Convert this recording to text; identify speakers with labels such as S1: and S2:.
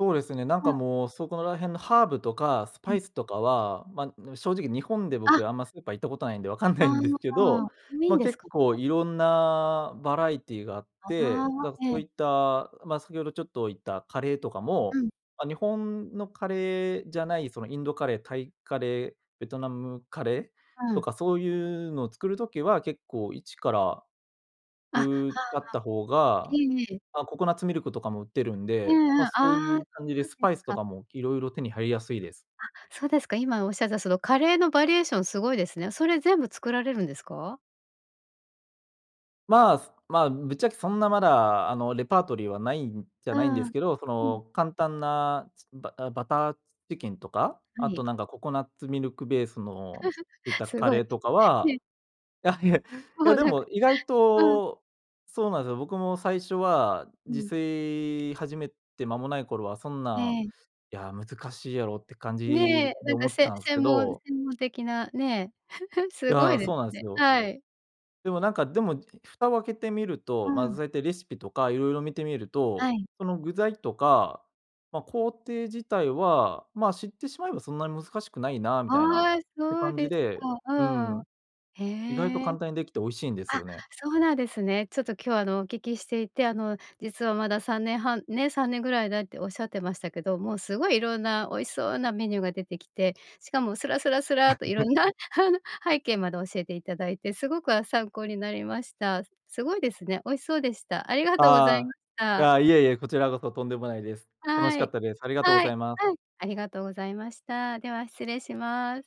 S1: そうですね、なん
S2: う
S1: か
S2: ん。
S1: もう、そこら辺のハーブとかス
S2: う
S1: パ
S2: ん。
S1: イスとかは、まあ、でも正直、日本で
S2: あ。
S1: 僕、あんまスーパー行ったことないんで、分かんな
S2: あ
S1: いんですけ
S2: あああ、
S1: ど。
S2: 多い
S1: ま
S2: ん
S1: あ、
S2: です
S1: 結
S2: か？
S1: 構色んなバラエティーがあっ
S2: あ
S1: て、
S2: ああ、
S1: だから
S2: え
S1: そう
S2: え。
S1: いった、まあ、先ほどちょっと言った、カレーとか
S2: う
S1: も、
S2: ん。
S1: ま、日本のカレーじゃない、そのインドカレー、タイカレー、ベトナムカレー、
S2: う
S1: と
S2: ん。
S1: かそういうの、作る時は結構一から、
S2: あ、は
S1: う、
S2: あ。
S1: あった方
S2: え
S1: が。
S2: えええ。
S1: ま、ココナッツミルクとかも売ってるん
S2: う
S1: で、
S2: んう
S1: ま、
S2: ん、あ
S1: そう
S2: あ、
S1: いう感じで
S2: そう
S1: ス
S2: で
S1: パ
S2: す
S1: イスと
S2: か。
S1: かも、色々手に入りやすいです。
S2: あ、そうですか、今おっしゃった、そのカレーのバリエーションすごいですね。それ全部作られるんですか？
S1: まあ、まあ、ぶっちゃけそんなまだ、あのレパートリーはないんじゃ
S2: う
S1: ないんです
S2: ん。
S1: けど。そ
S2: うん。
S1: の簡単なバあ、バターチキンとか？
S2: は
S1: あと
S2: い。
S1: なんか、ココナッツミルクベースのいっ た
S2: す
S1: カ
S2: ご
S1: レ
S2: い。
S1: ーとか
S2: え
S1: は
S2: え。
S1: いやいや。い
S2: も
S1: や
S2: う
S1: で
S2: なんか
S1: も意外
S2: うん。
S1: と、そうなんすよ、僕も最初は、
S2: う
S1: 自
S2: ん。
S1: 炊始めて間もない頃は、そん
S2: え
S1: なん、
S2: え。
S1: いや、難しいやろうって感
S2: ねえ、
S1: じ
S2: な
S1: で、
S2: んか
S1: 思っ
S2: せ
S1: たんす
S2: 専
S1: け
S2: 門
S1: ど。
S2: 専門的なね。
S1: い
S2: すご
S1: や、
S2: いで
S1: そうな
S2: す
S1: ん
S2: ね。
S1: すよ。
S2: はい。
S1: でもなんか、でも蓋を開けてみると、
S2: う
S1: ま、
S2: ん。
S1: そうやってレシピとか色々見てみる
S2: は
S1: と、
S2: い。
S1: その具材とか、ま、工程自体は、まあ、知ってしまえばそんなに難しくないな、みたいなっ
S2: ああ、
S1: て
S2: そう
S1: 感じ
S2: です
S1: で、う
S2: か。うん。
S1: ん。意外と
S2: へえ。
S1: 簡単にできて、美味しいんです
S2: あ、
S1: よね。
S2: そうなんですね。ちょっと今日あの、お聞きしていて、あの実はまだ3年半、ね、3年ぐらいだって、おっしゃってましたけど。もうすごいいろんな、美味しそうなメニューが出てきて。しかもスラスラスラっと、いろ んな 背景まで教えていただいて、すごく、あ、参考になりました。すごいですね、美味しそうでした。ありがとうござい
S1: あ
S2: まし
S1: あ、や
S2: た。
S1: あ、いえいえ、こちらこそとんでもないです。楽し
S2: は
S1: かっ
S2: い。
S1: たです。ありがとうご
S2: は
S1: ざ
S2: い、
S1: います。
S2: うん、ありがとうございました。では失礼します。